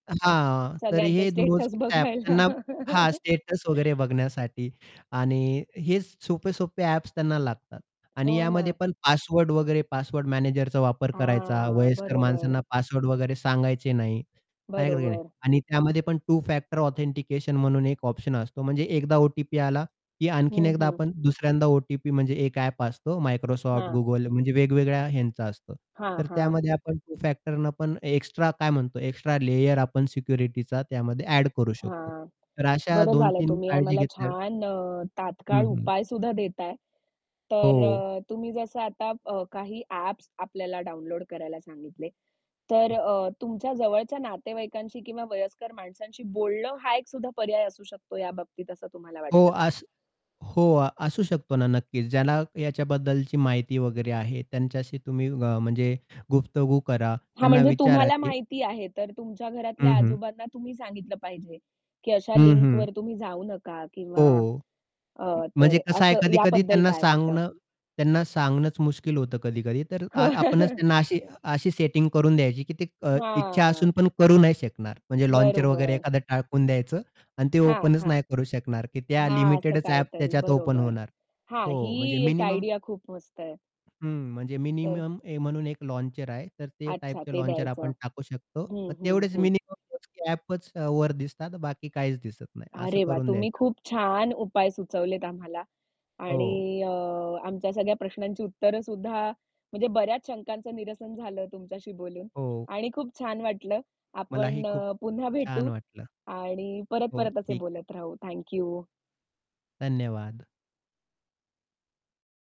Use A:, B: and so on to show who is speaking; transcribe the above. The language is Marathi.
A: हां, तर
B: सगळ्यांचे
A: हे
B: स्टेटस
A: मोजकेच ॲप
B: बघायला.
A: त्यांना हा स्टेटस वगैरे बघण्यासाठी. आणि हेच सोपे-सोपे ॲप्स त्यांना लागतात. आणि
B: हो
A: यामध्ये
B: ना.
A: पण पासवर्ड वगैरे पासवर्ड मॅनेजरचा वापर करायचा,
B: हां,
A: वयस्कर
B: बरोबर.
A: माणसांना पासवर्ड वगैरे सांगायचे नाही. [unintelligible] नाही
B: बरोबर.
A: आणि त्यामध्ये, टू फॅक्टर ऑथेंटिकेशन म्हणून एक ऑप्शन असतो. म्हणजे एकदा ओ-टी-पी आला, की आणखीन
B: हं,
A: एकदा
B: हं.
A: आपण दुसऱ्यांदा ओ-टी-पी म्हणजे एक ॲप असतो Microsoft,
B: हां.
A: Google म्हणजे वेगवेगळ्या ह्यांचा असतो.
B: हां,
A: तर
B: हां.
A: त्यामध्ये आपण टु-फॅक्टरनं पण एक्स्ट्रा काय म्हणतो? एक्स्ट्रा लेयर आपण सिक्युरिटीचा त्यामध्ये एड करू शकतो.
B: हां,
A: तर अशा
B: बरं झालंय
A: 2-3
B: तुम्ही
A: काळजी
B: आम्हाला
A: घेतल्या.
B: छान अ,
A: हं,
B: तात्काळ
A: हं.
B: उपायसुद्धा देताय. तर
A: हो.
B: अ, तुम्ही जसं आता काही अ, ॲप्स आपल्याला डाउनलोड करायला सांगितले. तर अ, तुमच्या जवळच्या नातेवाईकांशी किंवा वयस्कर माणसांशी बोलणं हा एक सुद्धा पर्याय असू शकतो या बाबतीत, असं तुम्हाला
A: हो,
B: वाटतं का?
A: अस हो अ, असू शकतो ना, नक्कीच. ज्याला याच्याबद्दलची माहिती वगैरे आहे त्यांच्याशी तुम्ही अ, म्हणजे गुफ्तगू करा.
B: हां,
A: त्यांना
B: म्हणजे
A: विचारा,
B: तुम्हाला
A: की
B: माहिती आहे, तर तुमच्या घरातल्या
A: हं, हं.
B: आजोबांना तुम्ही सांगितलं पाहिजे, की अशा
A: हं, हं.
B: लिंकवर तुम्ही जाऊ नका किंवा
A: हो,
B: अ,
A: म म्हणजे
B: तर
A: कसं आहे
B: असं,
A: कधी-कधी
B: याबद्दल
A: त्यांना
B: काय वाटतं?
A: सांगणं त्यांना सांगणंच मुश्किल होतं कधी-कधी, तर आपणच त्यांना अशी अशी सेटिंग करून द्यायची, की ते अ, इच्छा
B: हां.
A: असून पण करू नाही शकणार. म्हणजे लॉन्चर वगैरे
B: बरोबर.
A: एखादं टाकून द्यायचं आणि ते
B: हां,
A: ओपनच
B: हां.
A: नाही करू शकणार, की त्या
B: हां, असं
A: लिमिटेडच ॲप
B: काहीतरी
A: त्याच्यात ओपन
B: बरोबर.
A: होणार.
B: हा ही
A: हो म्हणजे
B: एक
A: मिनिमम
B: आयडिया खूप मस्त आहे.
A: हं, म्हणजे
B: तर
A: मिनिमम म्हणून ए एक लॉन्चर आहे तर ते
B: अच्छा.
A: टाइपचे
B: ते
A: लॉन्चर
B: द्यायचं.
A: आपण टाकू शकतो.
B: हं, हं,
A: तेवढेच
B: हं.
A: मिनिमम [unintelligible] ॲपच वर दिसतात, बाकी काहीच दिसत नाही. असं
B: अरे, वा!
A: करून
B: तुम्ही
A: द्यायचं.
B: खूप छान उपाय सुचवलेत आम्हाला.
A: हो.
B: आणि अ, आमच्या सगळ्या प्रश्नांची उत्तरं सुद्धा, म्हणजे बऱ्याच शंकांचं निरसन झालं तुमच्याशी बोलून
A: हो.
B: आणि खूप छान वाटलं.
A: मलाही
B: आपण
A: खूप
B: अ, पुन्हा
A: छान
B: भेटू
A: वाटलं.
B: आणि
A: हो,
B: परत-परत असे
A: ठीक आहे.
B: बोलत राहू. Thank you.
A: धन्यवाद.